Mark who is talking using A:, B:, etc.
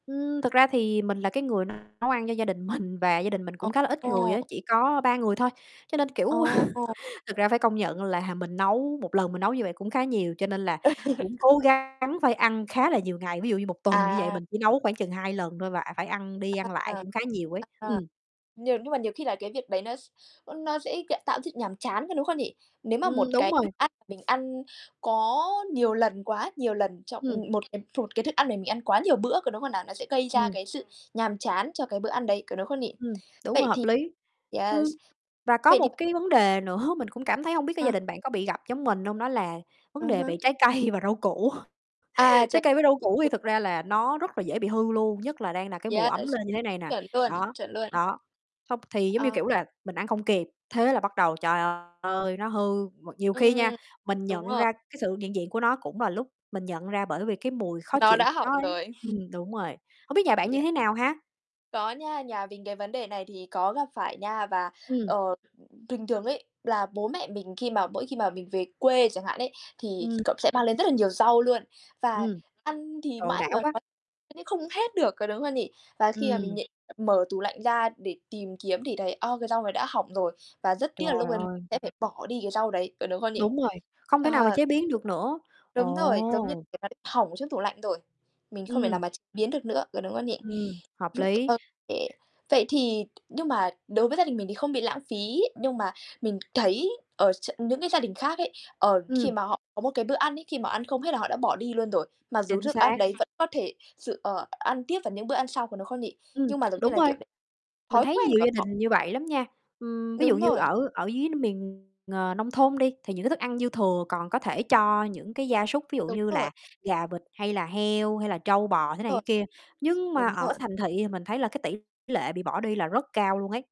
A: Ừm, thực ra thì mình là cái người nấu ăn cho gia đình mình và gia đình mình cũng khá là ít người
B: Ồ.
A: á, chỉ có 3 người thôi. Cho nên, kiểu,
B: Ồ.
A: thực ra phải công nhận là mình nấu một lần mình nấu như vậy cũng khá nhiều. Cho nên là cũng cố gắng phải ăn khá là nhiều ngày, ví dụ như 1 tuần như vậy
B: À.
A: mình chỉ nấu khoảng chừng 2 lần thôi và, à, phải ăn đi ăn lại
B: À,
A: cũng khá nhiều ấy, ừm.
B: à, nhờn nhưng mà nhiều khi là cái việc đấy nó s nó sẽ [unintelligible] tạo sự nhàm chán, có đúng không nhỉ? Nếu mà
A: Ưm,
B: một
A: đúng
B: cái thức
A: rồi.
B: ăn mà mình ăn có nhiều lần quá nhiều lần trong
A: Ừm.
B: ừm, một lần một cái thức ăn để mình ăn quá nhiều bữa, có đúng không nào? Nó sẽ gây ra
A: Ừm.
B: cái sự nhàm chán cho cái bữa ăn đấy, có đúng không nhỉ?
A: Ừm, đúng rồi,
B: Vậy
A: hợp
B: thì
A: lý. Ừm,
B: yes
A: và có
B: vậy
A: một
B: thì b
A: cái vấn đề nữa, mình cũng cảm thấy hông biết cái gia
B: Ờ.
A: đình bạn có bị gặp giống mình hông, đó là
B: Ừ
A: vấn đề
B: hứ.
A: về trái cây và rau củ.
B: À, ch
A: Trái cây với rau củ thì thực ra là nó rất là dễ bị hư luôn, nhất là đang là cái mùa ấm
B: Yes,
A: lên như thế này nè.
B: chuẩn luôn,
A: Đó,
B: chuẩn luôn.
A: đó, xong thì, giống như
B: Ờ.
A: kiểu, là mình ăn không kịp, thế là bắt đầu, trời ơi, nó hư, m nhiều khi nha,
B: Ừm,
A: mình
B: đúng
A: nhận
B: rồi.
A: ra cái sự hiện diện của nó cũng là lúc mình nhận ra bởi vì cái mùi khó
B: Nó
A: chịu
B: đã hỏng
A: nó ấy,
B: rồi.
A: ừm, đúng rồi, hông biết nhà bạn
B: Yeah.
A: như thế nào ha?
B: Có nha, nhà mình cái vấn đề này thì có gặp phải nha. Và,
A: Ừm.
B: ờ, bình thường ấy là bố mẹ mình khi mà mỗi khi mà mình về quê chẳng hạn ấy, thì
A: Ừm.
B: cậu sẽ mang lên rất là nhiều rau luôn. Và
A: Ừm.
B: ăn thì
A: Trời,
B: mãi
A: đã
B: mà
A: quá.
B: [unintelligible] không hết được, có đúng không nhỉ? Và khi mà mình
A: Ừm.
B: nh mở tủ lạnh ra để tìm kiếm thì thấy, a, cái rau này đã hỏng rồi và rất tiếc là lúc
A: Trời
B: đấy mình
A: ơi.
B: sẽ phải bỏ đi cái rau đấy, có đúng không nhỉ?
A: Đúng rồi, không thể nào mà
B: Ờ.
A: chế biến được nữa.
B: Đúng rồi, giống như
A: Ồ.
B: kiểu, nó bị hỏng trong tủ lạnh rồi, mình không thể nào
A: Ừm.
B: mà ch biến được nữa, có đúng không nhỉ?
A: Ừm, hợp
B: Hừm,
A: lý.
B: ô kê, vậy thì nhưng mà đối với gia đình mình thì không bị lãng phí. Nhưng mà mình thấy ở tr những cái gia đình khác ấy, ờ, khi
A: Ừm.
B: mà họ có một cái bữa ăn ấy, khi mà họ ăn không hết là họ đã bỏ đi luôn rồi, mặc dù
A: Chính
B: thức ăn
A: xác.
B: đấy vẫn có thể sử ờ, ăn tiếp vào những bữa ăn sau, có đúng không nhỉ?
A: Ừm,
B: Nhưng mà giống như
A: đúng
B: là,
A: rồi,
B: kiểu, đ
A: mình
B: thói
A: thấy
B: quen
A: nhiều
B: của
A: gia
B: họ.
A: đình như vậy lắm nha. Ừm, ví dụ
B: Đúng
A: như
B: rồi.
A: ở ở dưới miền, ờ, nông thôn đi, thì những cái thức ăn dư thừa còn có thể cho những cái gia súc, ví dụ
B: Đúng
A: như
B: rồi.
A: là gà vịt hay là heo hay là trâu bò, thế này thế
B: Rồi.
A: kia. Nhưng mà
B: Đúng
A: ở
B: [unintelligible]
A: thành thị thì mình thấy là cái tỷ lệ bị bỏ đi là rất cao luôn ấy.